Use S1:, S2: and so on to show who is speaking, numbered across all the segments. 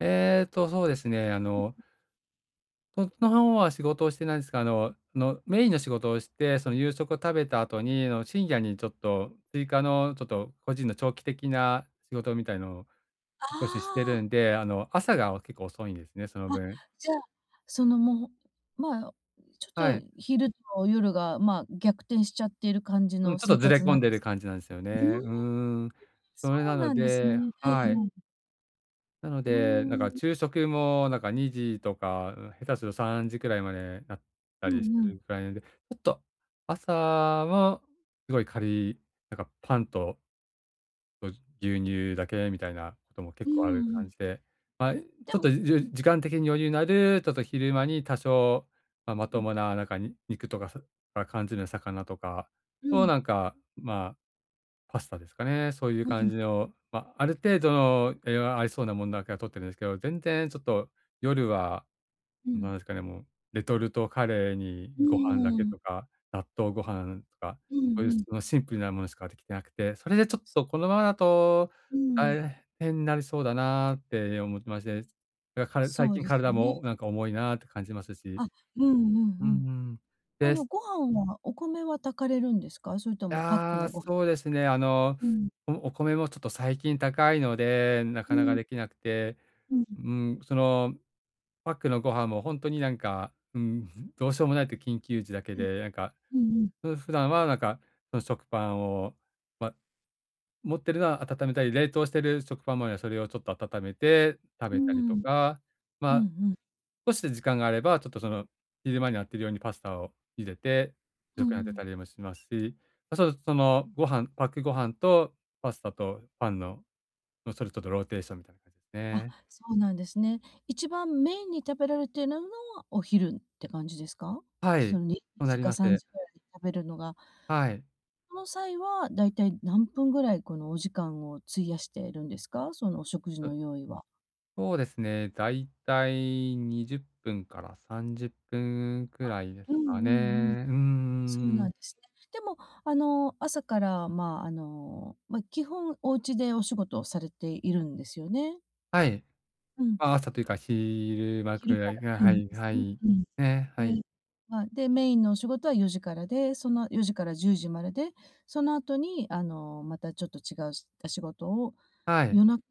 S1: えっと、そうですね。あ
S2: う、
S1: の
S2: ん。
S1: そっちの方は、仕事をしてないんすが、あのの、メインの仕事をして、その、夕食を食べた後に、あの、深
S2: あ。
S1: 夜に、ちょっと、追加の、ちょっと、個人の長期的な仕事みたいのを少しして
S2: あ
S1: る
S2: あ。
S1: んで、あの、朝が結構遅いんですね、その
S2: あ、
S1: 分。
S2: じゃあ、そのもう、まあ、ちょ
S1: は
S2: っ
S1: い。
S2: と、昼と夜が、まあ、逆転しちゃっている感じ
S1: うん、
S2: の
S1: ちょっと
S2: 生
S1: ずれ
S2: 活な
S1: 込
S2: ん
S1: ん
S2: で
S1: でる
S2: すね。
S1: 感じなんですよ
S2: うーん、
S1: ね。う
S2: ん、
S1: ーん、
S2: そ
S1: それな
S2: う
S1: の
S2: なんです
S1: で
S2: ね。は
S1: は
S2: い
S1: い。
S2: はい。
S1: なの
S2: う-
S1: で、なんか
S2: ん。
S1: 昼食も、なんか、2時とかん下手すると3時くらいまで、なった
S2: う
S1: りし
S2: ん
S1: て
S2: う
S1: る
S2: ん。
S1: くらいなんで、ちょっと朝をすごい軽い、なんかパンとご牛乳だけみたいなことも
S2: う
S1: 結
S2: ー
S1: 構ある
S2: ん、う
S1: 感
S2: ん。
S1: じで、まい、
S2: で
S1: ちょっと、
S2: もうん。
S1: 時間的に余裕のある、ちょっと昼間に、多少、まあ、ま
S2: う
S1: と
S2: ん。
S1: もななんか、に肉とか、さかんじの魚とか
S2: う
S1: を、
S2: ん。
S1: なんか、まあパスタですかね、そういう
S2: うんう
S1: 感
S2: ん。
S1: じの、ま、ある程度の、栄養ありそうなもんだけは摂ってるんですけど、全然ちょっと、夜は
S2: う
S1: 何
S2: ん。
S1: ですかね、もう、レトルトカレーに
S2: う
S1: ご飯だ
S2: ー
S1: け
S2: ん。
S1: とか、納豆ご飯とか、
S2: うん
S1: そういう、
S2: うん。
S1: ま、シンプルなものしかできてなくて、それで、ちょっとこのままだと
S2: うーん。
S1: 大変になりそうだなって思ってまして、か最
S2: そう
S1: 近
S2: です
S1: 体
S2: ね。
S1: もなんか重いなって感じますし、
S2: あ、うんうん
S1: うー
S2: うん。
S1: ん、
S2: あ
S1: で
S2: の、
S1: す。
S2: ご飯は、お米は炊かれるんですか？それともパック
S1: ああ、
S2: のごい。
S1: そうですね。あの、
S2: うん。
S1: おお米もちょっと最近高いので、な
S2: う
S1: かなか
S2: ん。
S1: できなくて、
S2: うん。
S1: うーん。そのパックのご飯も、ほんとに、なんか、うーん、どうしようもないと緊急時だけ
S2: うん。
S1: で、なんか、
S2: うんうん。
S1: ふ普段は、なんか、その食パンを、ま、持ってるのは温めたり、冷凍してる食パンま、それをちょっと温めて食
S2: うー
S1: べたりと
S2: ん。
S1: か、
S2: う
S1: ま
S2: ん
S1: あ、
S2: うん。
S1: 少し時間があれば、ちょっと、その、昼間にやってるようにパスタを茹でて、
S2: うー
S1: 食に充てた
S2: ん。
S1: りもしますし、あ、そう、そのご飯パックご飯とパスタとパンの、もう、それとどローテーションみたいな感じ
S2: あ、
S1: ね。
S2: そうなんですね。一番メインに食べられているのは、お昼って感じですか？
S1: はい、
S2: そのに
S1: そうな
S2: じ
S1: り
S2: か
S1: ま
S2: さん
S1: す。
S2: じぐらいに食べるのが
S1: はい。
S2: その際は、だいたい何分ぐらい、この、お時間を費やしているんですか？そのお食事
S1: あ
S2: の
S1: う。
S2: 用意は。
S1: そうですね、だいたい20分から30分く
S2: あ。
S1: らいです
S2: うんう
S1: か
S2: んうん。
S1: ね。うんう
S2: そう
S1: んう
S2: なん
S1: ん。
S2: ですね。でも、あの、朝から、まあ、あの、ま、基本お家でお仕事をされているんですよね。
S1: はい。
S2: うん。
S1: あ、朝というか昼間
S2: 昼
S1: く
S2: か
S1: らいが
S2: らな
S1: は
S2: んで
S1: い
S2: す
S1: は
S2: ね。
S1: い、
S2: うん。
S1: ええ、はい。
S2: で、ま、で、メインのお仕事は4時からでその4時から10時までで、その後に、あの、またちょっと違う、し仕事を、
S1: はい。
S2: 夜中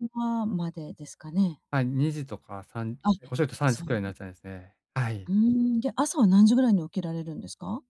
S2: までですかね。
S1: はい。2時とか3
S2: あ、
S1: 遅いと3時
S2: そん。
S1: くらいになっちゃうんですね。は
S2: う
S1: い。
S2: ーん、で、朝は何時ぐらいに起きられるんですか？